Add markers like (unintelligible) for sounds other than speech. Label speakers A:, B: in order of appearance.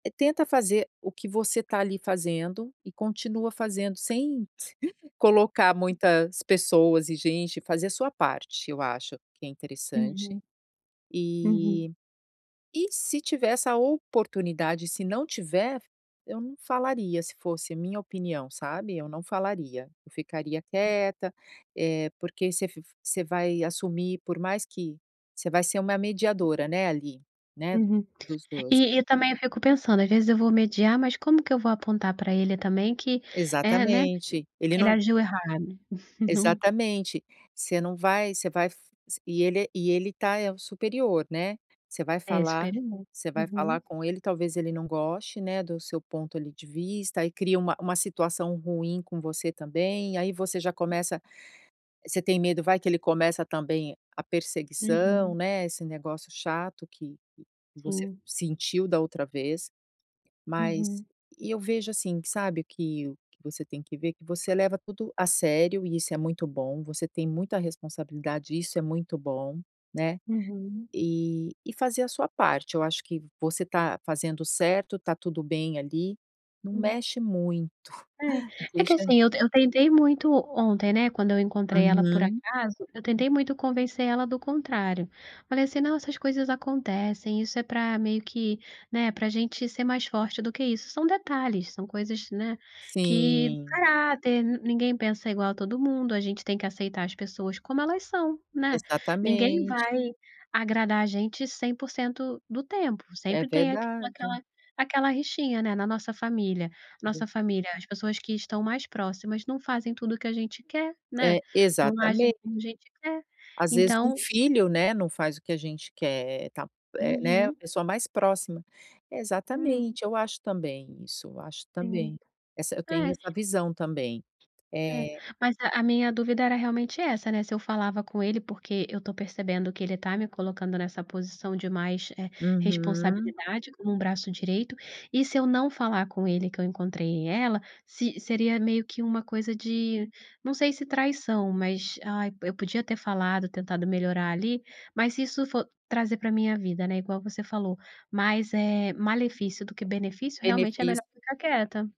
A: Eh, tenta fazer o que você tá ali fazendo, e continua fazendo sem colocar muitas pessoas e gente, fazer a sua parte, eu acho, que é interessante.
B: Uhum. Uhum.
A: E e se tiver essa oportunidade. Se não tiver, eu não falaria, se fosse a minha opinião, sabe, eu não falaria. Eu ficaria quieta, eh, porque você v você vai assumir, por mais que você vai ser uma mediadora, né, ali, né, do
B: Uhum.
A: dos 2.
B: E e também eu fico pensando, às vezes eu vou mediar, mas como que eu vou apontar pra ele também que é né, que
A: Exatamente. Ele
B: ele
A: não
B: agiu errado? (chuckles) No
A: Exatamente. Você não vai você vai f s e ele e ele está é o superior, né. Você vai
B: É,
A: falar
B: experimen
A: você vai
B: uhum.
A: falar com ele, talvez ele não goste, né, do seu ponto, ali, de vista, e cria uma uma situação ruim com você também, e aí você já começa você tem medo, vai que ele começa também a perseguição,
B: Uhum.
A: né, esse negócio chato que você
B: Sim.
A: sentiu da outra vez. Mas
B: Uhum.
A: e eu vejo assim, que sabe que o que você tem que ver, que você leva tudo a sério, e isso é muito bom. Você tem muita responsabilidade, e isso é muito bom, né.
B: Uhum.
A: E e fazer a sua parte. Eu acho que você está fazendo certo, está tudo bem ali. Não
B: Hum.
A: mexe (chuckles) muito,
B: É. É que
A: deixa
B: assim, eu eu tentei muito ontem, né, quando eu encontrei ela por
A: Uhum.
B: acaso, eu tentei muito convencer ela do contrário. Falei assim: "Não, essas coisas acontecem. Isso é pra, meio que, né, pra gente ser mais forte do que isso". São detalhes, são coisas, né, que
A: Sim.
B: caráter. Ninguém pensa igual a todo mundo, a gente tem que aceitar as pessoas como elas são, né. Ninguém
A: Exatamente.
B: vai agradar a gente 100% do tempo,
A: É
B: sempre tem aq
A: verdade.
B: aquela aquela rixinha, né. Na nossa família
A: (unintelligible)
B: nossa família, as pessoas que estão mais próximas não fazem tudo o que a gente quer, né.
A: É,
B: Não agem
A: exatamente.
B: como a gente quer.
A: Às vezes um
B: Então
A: filho, né, não faz o que a gente quer. Ta eh, né, a
B: Uhum.
A: pessoa mais próxima.
B: Hum.
A: Exatamente, eu acho também isso, eu acho
B: Sim.
A: também. Essa eu tenho
B: É.
A: essa visão também.
B: É.
A: É
B: Mas a minha dúvida era realmente essa, né, se eu falava com ele, porque eu estou percebendo que ele está me colocando nessa posição de mais, eh,
A: Uhum.
B: responsabilidade, como um braço direito, e se eu não falar com ele que eu encontrei ela, se seria meio que uma coisa de não sei se traição, mas: "Ai, eu podia ter falado, tentado melhorar ali", mas se isso for trazer pra minha vida, né, igual você falou, mais, eh, malefício do que benefício, realmente é
A: Beneficio
B: melhor ficar quieta.